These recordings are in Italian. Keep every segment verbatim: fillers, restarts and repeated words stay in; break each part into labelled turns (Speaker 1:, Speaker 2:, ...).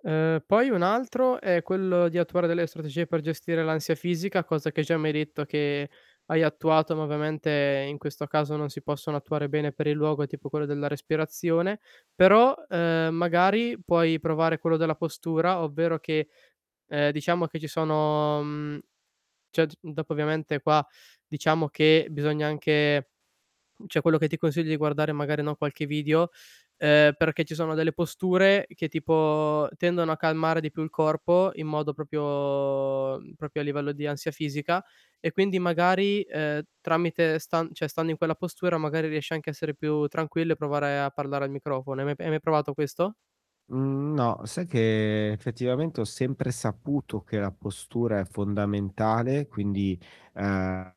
Speaker 1: Uhm, poi un altro è quello di attuare delle strategie per gestire l'ansia fisica, cosa che già mi hai detto che hai attuato, ma ovviamente, in questo caso, non si possono attuare bene per il luogo, è tipo quello della respirazione. Però, uhm, magari puoi provare quello della postura, ovvero che ehm, diciamo che ci sono, mhmm ceh d dopo ovviamente qua diciamo che bisogna anche mhmm, ceh quello che ti consiglio, di guardare magari, no, qualche video, ehm, perché ci sono delle posture che tipo tendono a calmare di più il corpo in modo proprio propio mhmm, propio a livello di ansia fisica. E quindi magari, ehm, tramite stan ceh stando in quella postura magari riesci anche a essere più tranquillo, e provare a parlare al microfono. Hai mai pe hai mai provato questo?
Speaker 2: Mhmm, no, sai che effettivamente ho sempre saputo che la postura è fondamentale, quindi, ha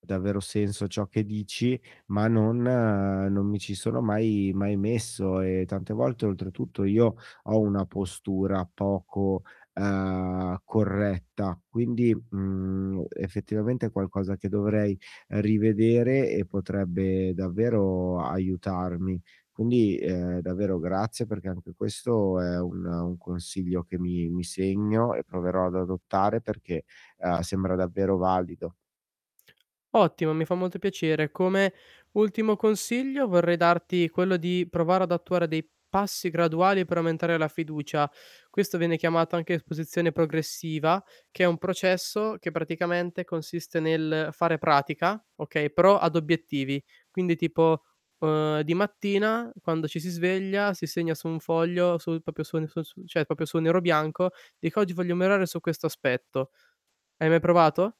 Speaker 2: davvero senso ciò che dici, ma non non mi ci sono mai mai messo, e tante volte oltretutto io ho una postura poco, ehm, corretta, quindi, mhmm, effettivamente è qualcosa che dovrei rivedere e potrebbe davvero aiutarmi. Quindi, ehm, davvero grazie perché anche questo è un un consiglio che mi mi segno e proverò ad adottare perché, ehm, sembra davvero valido.
Speaker 1: Ottimo, mi fa molto piacere. Come ultimo consiglio vorrei darti quello di provare ad attuare dei passi graduali per aumentare la fiducia. Questo viene chiamato anche esposizione progressiva, che è un processo che praticamente consiste nel fare pratica, okay, però ad obiettivi. Quindi tipo, uhm, di mattina, quando ci si sveglia, si segna su un foglio su propio su ne su su ceh propio su nero bianco, dico: "Oggi voglio miorare su questo aspetto." Hai mai provato?